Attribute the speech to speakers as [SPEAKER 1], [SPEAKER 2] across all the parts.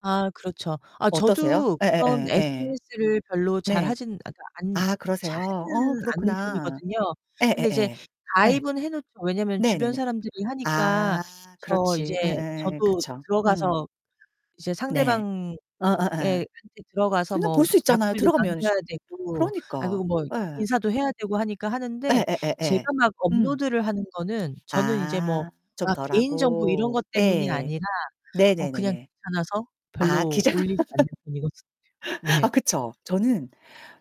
[SPEAKER 1] 아, 그렇죠. 아
[SPEAKER 2] 어떠세요?
[SPEAKER 1] 저도 그런
[SPEAKER 2] 예예예 예.
[SPEAKER 1] SNS를 별로 잘
[SPEAKER 2] 네.
[SPEAKER 1] 하진 [unintelligible] 않
[SPEAKER 2] 아 그러세요?
[SPEAKER 1] 잘
[SPEAKER 2] 어
[SPEAKER 1] 하지는 않는
[SPEAKER 2] 그렇구나.
[SPEAKER 1] 편이거든요. 근데 이제
[SPEAKER 2] 예예예. 예.
[SPEAKER 1] 가입은 해놓죠. 왜냐면 주변
[SPEAKER 2] 네네네.
[SPEAKER 1] 사람들이 하니까
[SPEAKER 2] 아
[SPEAKER 1] 저 이제
[SPEAKER 2] 그렇지. 예예예예.
[SPEAKER 1] 저도
[SPEAKER 2] 그쵸. 음.
[SPEAKER 1] 들어가서. 이제
[SPEAKER 2] 네.
[SPEAKER 1] 상대방에
[SPEAKER 2] 어어어.
[SPEAKER 1] [unintelligible] 들어가서
[SPEAKER 2] 그냥 볼
[SPEAKER 1] 뭐
[SPEAKER 2] 수 있잖아요,
[SPEAKER 1] 답글도
[SPEAKER 2] 들어가면 씨
[SPEAKER 1] 남겨야 되고 아
[SPEAKER 2] 그러니까
[SPEAKER 1] 그리고 뭐
[SPEAKER 2] 예.
[SPEAKER 1] 인사도 해야 되고 하니까 하는데
[SPEAKER 2] 예예예예.
[SPEAKER 1] 제가 막
[SPEAKER 2] 응.
[SPEAKER 1] 업로드를 하는 거는 저는 이제 뭐
[SPEAKER 2] 아, 좀
[SPEAKER 1] 그러니까 개인 정보 이런
[SPEAKER 2] 덜하고.
[SPEAKER 1] 것
[SPEAKER 2] 예
[SPEAKER 1] 때문이
[SPEAKER 2] 예.
[SPEAKER 1] 아니라 어 그냥
[SPEAKER 2] 네네네네.
[SPEAKER 1] 귀찮아서
[SPEAKER 2] 아
[SPEAKER 1] 별로
[SPEAKER 2] 기자
[SPEAKER 1] 올리지 않는 편이거든요.
[SPEAKER 2] 아
[SPEAKER 1] 네.
[SPEAKER 2] 그쵸 저는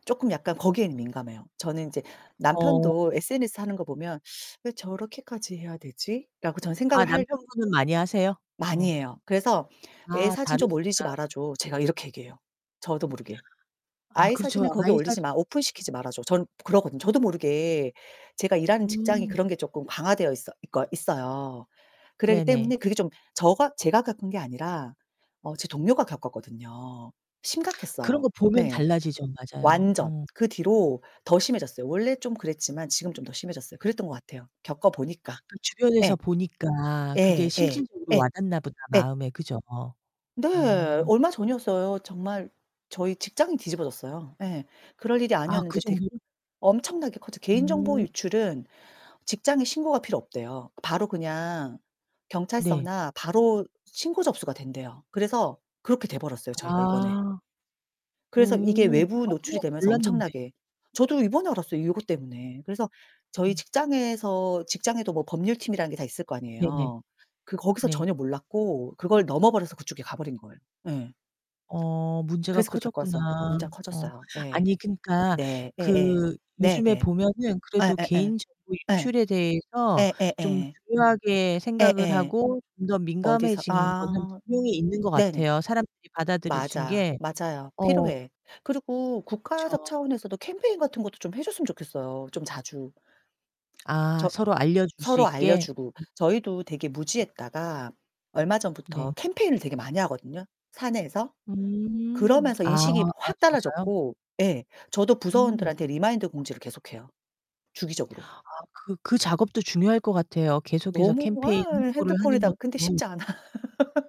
[SPEAKER 2] 쪼끔 약간 거기에는 민감해요. 저는 이제
[SPEAKER 1] 어.
[SPEAKER 2] 남편도 SNS 하는 거 보면 '왜 저렇게까지 해야 되지.'라고 저는
[SPEAKER 1] 아
[SPEAKER 2] 생각을 할
[SPEAKER 1] 남편분은 많이 하세요?
[SPEAKER 2] 많이
[SPEAKER 1] 어.
[SPEAKER 2] 해요. 그래서 "애
[SPEAKER 1] 아,
[SPEAKER 2] 사진 좀 올리지
[SPEAKER 1] 다르시구나.
[SPEAKER 2] 말아 줘." 제가 이렇게 얘기해요. 저도 모르게.
[SPEAKER 1] 아
[SPEAKER 2] "아이
[SPEAKER 1] 그렇죠.
[SPEAKER 2] 사진을 거기
[SPEAKER 1] 아이
[SPEAKER 2] 올리지
[SPEAKER 1] 사진
[SPEAKER 2] 마, 오픈
[SPEAKER 1] 특히
[SPEAKER 2] 시키지 말아 줘." 전 그러거든요 저도 모르게. 제가 일하는 직장이
[SPEAKER 1] 음.
[SPEAKER 2] 그런 게 쪼끔 강화되어 있어 있거 있어요. 그러기
[SPEAKER 1] 네네.
[SPEAKER 2] 때문에 그게 좀 저가 제가 겪은 게 아니라 어 제 동료가 겪었거든요.
[SPEAKER 1] 그런
[SPEAKER 2] 심각했어요.
[SPEAKER 1] 거 보면
[SPEAKER 2] 네.
[SPEAKER 1] 달라지죠. 맞아요.
[SPEAKER 2] 완전
[SPEAKER 1] 어.
[SPEAKER 2] 그 뒤로 더 심해졌어요. 원래 좀 그랬지만 지금은 좀 더 심해졌어요. 그랬던 것 같아요. 겪어 보니까.
[SPEAKER 1] 주변에서
[SPEAKER 2] 예.
[SPEAKER 1] 보니까 그게
[SPEAKER 2] 예. 예.
[SPEAKER 1] 실질적으로
[SPEAKER 2] 예.
[SPEAKER 1] 와닿나 보다,
[SPEAKER 2] 예.
[SPEAKER 1] 마음에. 그죠?
[SPEAKER 2] 네,
[SPEAKER 1] 어.
[SPEAKER 2] 얼마 전이었어요. 정말 저희 직장이 뒤집어졌어요. 예, 그럴 일이
[SPEAKER 1] 아 그
[SPEAKER 2] 아니었는데 되게
[SPEAKER 1] 정도로?
[SPEAKER 2] 엄청나게 커져 개인 정보
[SPEAKER 1] 어.
[SPEAKER 2] 유출은 직장에 신고가 필요 없대요. 바로 그냥
[SPEAKER 1] 네.
[SPEAKER 2] 경찰서나 바로 신고 접수가 된대요. 그래서 그렇게 돼버렸어요, 저희가 이번에.
[SPEAKER 1] 아 어
[SPEAKER 2] 그래서 이게 외부
[SPEAKER 1] 아 그런
[SPEAKER 2] 노출이
[SPEAKER 1] 건
[SPEAKER 2] 되면서
[SPEAKER 1] 몰랐는데.
[SPEAKER 2] 엄청나게 저도 이번에 알았어요 이것 때문에. 그래서 저희
[SPEAKER 1] 음.
[SPEAKER 2] 직장에서 직장에도 뭐 법률팀이라는 게 다 있을 거
[SPEAKER 1] 네네.
[SPEAKER 2] 아니에요. 그 거기서
[SPEAKER 1] 네.
[SPEAKER 2] 전혀 몰랐고 그걸 넘어버려서 그쪽에 가버린 거예요, 예.
[SPEAKER 1] 어 문제가
[SPEAKER 2] 그래서 그걸
[SPEAKER 1] 커졌구나.
[SPEAKER 2] 겪어서 문제가
[SPEAKER 1] 어.
[SPEAKER 2] 커졌어요 예.
[SPEAKER 1] 아니, 그니까
[SPEAKER 2] 네 예예
[SPEAKER 1] 그
[SPEAKER 2] .네
[SPEAKER 1] 요즘에
[SPEAKER 2] 네.
[SPEAKER 1] 보면은
[SPEAKER 2] 예
[SPEAKER 1] 그래도
[SPEAKER 2] 예 예.
[SPEAKER 1] 개인 정보 유출에
[SPEAKER 2] 예.
[SPEAKER 1] 대해서
[SPEAKER 2] 예
[SPEAKER 1] 좀
[SPEAKER 2] 예예.
[SPEAKER 1] 중요하게 생각을
[SPEAKER 2] 예예.
[SPEAKER 1] 하고 좀 더
[SPEAKER 2] 어디서
[SPEAKER 1] 민감해진 거는
[SPEAKER 2] 아
[SPEAKER 1] 분명히 있는 것
[SPEAKER 2] 네네.
[SPEAKER 1] 같아요. 사람들이 받아들여진
[SPEAKER 2] 맞아,
[SPEAKER 1] 게.
[SPEAKER 2] 맞아요.
[SPEAKER 1] 어.
[SPEAKER 2] 필요해. 그리고 국가적
[SPEAKER 1] 그쵸.
[SPEAKER 2] 차원에서도 캠페인 같은 것도 좀 해 줬으면 좋겠어요, 좀 자주.
[SPEAKER 1] 아
[SPEAKER 2] 저
[SPEAKER 1] 서로 알려줄 수
[SPEAKER 2] 서로
[SPEAKER 1] 있게.
[SPEAKER 2] 알려주고,
[SPEAKER 1] 음.
[SPEAKER 2] 저희도 되게
[SPEAKER 1] 예.
[SPEAKER 2] 무지했다가 얼마 전부터
[SPEAKER 1] 네.
[SPEAKER 2] 캠페인을 되게 많이 하거든요, 사내에서.
[SPEAKER 1] 음
[SPEAKER 2] 그러면서
[SPEAKER 1] 아
[SPEAKER 2] 인식이
[SPEAKER 1] 어
[SPEAKER 2] 확
[SPEAKER 1] 진짜요?
[SPEAKER 2] 달라졌고, 예, 저도
[SPEAKER 1] 음.
[SPEAKER 2] 부서원들한테 리마인드 공지를 계속 해요 주기적으로.
[SPEAKER 1] 아 그 그 작업도 중요할 것 같아요. 계속해서
[SPEAKER 2] 너무
[SPEAKER 1] 캠페인
[SPEAKER 2] 아
[SPEAKER 1] 홍보를 하는
[SPEAKER 2] 핸드폰에다가 근데
[SPEAKER 1] 것도.
[SPEAKER 2] 쉽지 않아.